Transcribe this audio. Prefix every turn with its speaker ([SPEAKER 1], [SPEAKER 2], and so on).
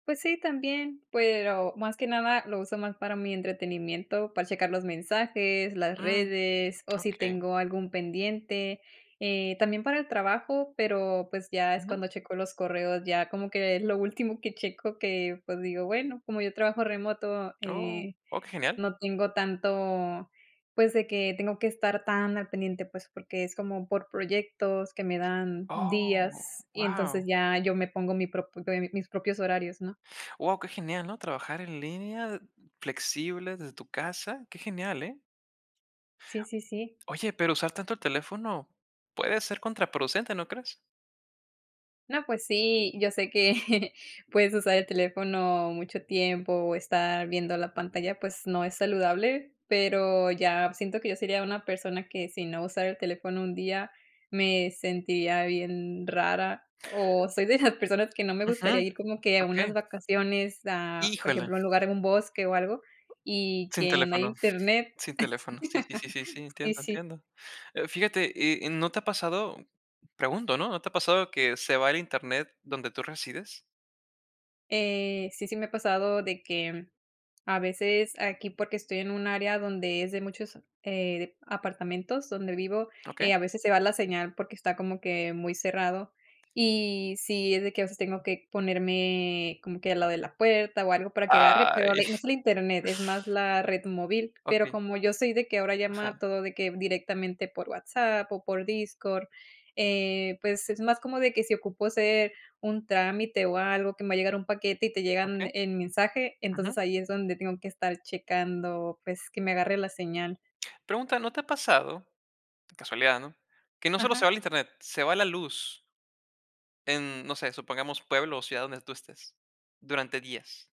[SPEAKER 1] Pues sí, también, pero más que nada lo uso más para mi entretenimiento, para checar los mensajes, las
[SPEAKER 2] Mm.
[SPEAKER 1] redes o si
[SPEAKER 2] Okey.
[SPEAKER 1] tengo algún pendiente. Eh, también para el trabajo, pero, pues, ya es
[SPEAKER 2] Ujú.
[SPEAKER 1] cuando checo los correos, ya como lo último que checo, que, pues digo, bueno, como yo trabajo remoto,
[SPEAKER 2] Oh.
[SPEAKER 1] eh,
[SPEAKER 2] Oh, qué genial.
[SPEAKER 1] no tengo tanto, pues, de que tengo que estar tan al pendiente, pues, porque es como por proyectos que me dan
[SPEAKER 2] ¡Oh!
[SPEAKER 1] días, y
[SPEAKER 2] Guau.
[SPEAKER 1] entonces ya yo me pongo mi propio em, mis propios horarios, ¿no?
[SPEAKER 2] Guau, qué genial, ¿no? Trabajar en línea de flexibles, desde tu casa. Qué genial, ¿eh?
[SPEAKER 1] Sí, sí, sí.
[SPEAKER 2] Oye, pero usar tanto el teléfono puede ser contraproducente, ¿no crees?
[SPEAKER 1] No, pues sí, yo sé que puedes usar el teléfono mucho tiempo, o estar viendo la pantalla, pues no es saludable, pero ya siento que yo sería una persona que, si no usara el teléfono un día, me sentiría bien rara. O soy de esas personas que no me
[SPEAKER 2] Ujú.
[SPEAKER 1] gustaría ir como que a unas
[SPEAKER 2] Okey.
[SPEAKER 1] vacaciones a por
[SPEAKER 2] Híjole.
[SPEAKER 1] ejemplo, un lugar en un bosque o algo y
[SPEAKER 2] Sin
[SPEAKER 1] que no hay
[SPEAKER 2] teléfono,
[SPEAKER 1] internet.
[SPEAKER 2] sin teléfono. Sí, sí, sí, sí,
[SPEAKER 1] Sí,
[SPEAKER 2] entiendo,
[SPEAKER 1] sí.
[SPEAKER 2] entiendo. Eh, fíjate, eh, eh, ¿no te ha pasado? Pregunto, ¿no? ¿No te ha pasado que se va el Internet donde tú resides?
[SPEAKER 1] Eh, sí, sí me ha pasado de que, mm, a veces aquí, porque estoy en un área donde es de muchos, eh, dep apartamentos donde vivo,
[SPEAKER 2] Okey.
[SPEAKER 1] eh, a veces se va la señal porque está como que muy cerrado, y sí es de que a veces tengo que ponerme como que al lado de la puerta o algo para que agarre, pero
[SPEAKER 2] Ay.
[SPEAKER 1] haber, no solo Internet, es más la red móvil, pero
[SPEAKER 2] Okey.
[SPEAKER 1] como yo soy de que ahora llama
[SPEAKER 2] Ajá.
[SPEAKER 1] todo de que directamente por WhatsApp o por Discord, eh, pues es más como de que si ocupo hacer un trámite o algo que me va a llegar un paquete y te llegan
[SPEAKER 2] Okey.
[SPEAKER 1] en mensaje, entonces
[SPEAKER 2] Ujú.
[SPEAKER 1] ahí es donde tengo que estar checando, pues, que me agarre la señal.
[SPEAKER 2] Pregunta: ¿No te ha pasado casualidad, no, que no solo se
[SPEAKER 1] Ajá.
[SPEAKER 2] va el Internet, se va la luz en, no sé, supongamos pueblo o ciudad donde tú estés, durante días?